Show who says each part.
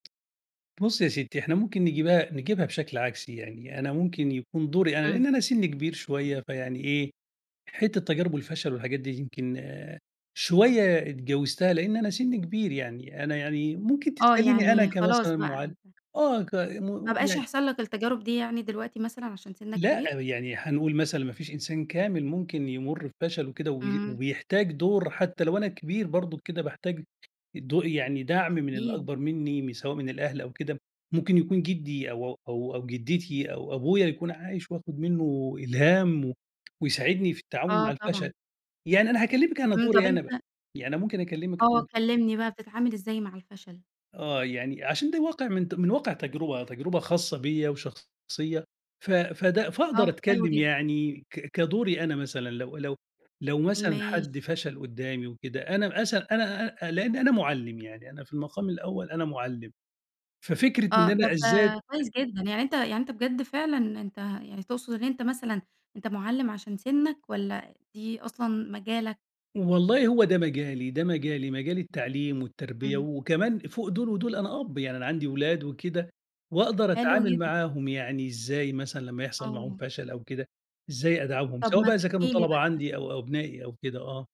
Speaker 1: بُصّي يا ستّي إحنا ممكن نجيبها نجيبها بشكل عكسي يعني، أنا ممكن يكون دوري أنا
Speaker 2: إمم.
Speaker 1: لإن أنا سنّي كبير شوية فيعني إيه، حتة تجارب والفشل والحاجات دي يمكن شوية إتجاوزتها، لإن أنا سنّي كبير يعني. أنا يعني ممكن
Speaker 2: آه،
Speaker 1: تسأليني أنا
Speaker 2: يعني خلاص
Speaker 1: كمثلًا
Speaker 2: بقى
Speaker 1: مُعلم،
Speaker 2: أنت
Speaker 1: آه، ك
Speaker 2: ما
Speaker 1: [unintelligible]
Speaker 2: بقاش
Speaker 1: يعني.
Speaker 2: يحصل لك التجارب دي يعني دلوقتي مثلًا عشان سنّك
Speaker 1: لأ،
Speaker 2: كبير؟
Speaker 1: يعني حنقول مثلًا ما فيش إنسان كامل ممكن يمُر بفشل كده وي
Speaker 2: إمم.
Speaker 1: وبيحتاج دور، حتى لو أنا كبير برضُك كده باحتاج الدو يعني دَعم من
Speaker 2: أكيد.
Speaker 1: الأكبر منّي م سواء من الأهل أو كده ممكن يكون جدّي أو أو أو أو جدّتي أو أبويا يكون عايش وآخد منُّه إلهام و ويساعدني في التعاون مع
Speaker 2: آه
Speaker 1: الفشل.
Speaker 2: طبعًا.
Speaker 1: يعني أنا هاكلمك أنا
Speaker 2: إمم، طب
Speaker 1: دوري أنا بقى،
Speaker 2: أنت
Speaker 1: يعني أنا ممكن أكلمك
Speaker 2: آه،
Speaker 1: أ
Speaker 2: كلمني بقى، بتتعامل إزاي مع الفشل؟
Speaker 1: آه، يعني عشان ده الواقع من ت من واقع تجربة، تجربة خاصة بيّا وشخصية ف فده فاقدر
Speaker 2: آه، حلو
Speaker 1: أتكلم
Speaker 2: جدًا.
Speaker 1: يعني ك كدوري أنا مثلًا، لو لو لو مثلًا حد
Speaker 2: ماشي.
Speaker 1: فشل قدّامي وكده، أنا اسأل أنا أ أ لإن أنا مُعلم يعني، أنا في المقام الأول أنا مُعلم. ففكرة
Speaker 2: آه،
Speaker 1: إن أنا
Speaker 2: طب
Speaker 1: أذّاد
Speaker 2: كويس جدًا، يعني أنت يعني أنت بجد فعلًا أنت يعني تقصد اللي أنت مثلًا أنت مُعلم عشان سنّك والّا دي أصلًا مجالك؟
Speaker 1: ،والله هو ده مجالي، ده مجالي مجال التعليم والتربية،
Speaker 2: إمم.
Speaker 1: وكمان فوق دول ودول أنا أب، يعني أنا عندي اولاد وكده وأقدر
Speaker 2: حلو
Speaker 1: اتعامل
Speaker 2: جدًا.
Speaker 1: معاهم، يعني إزاي مثلًا لمّا يحصل معاهم
Speaker 2: آه.
Speaker 1: فشل أو كده، إزاي أدعمهم
Speaker 2: طب
Speaker 1: سواء
Speaker 2: ما
Speaker 1: بقى إذا كانوا
Speaker 2: تحكي لي
Speaker 1: طلبة
Speaker 2: بقى هس
Speaker 1: عندي أو أو أبنائي أو كده، آه.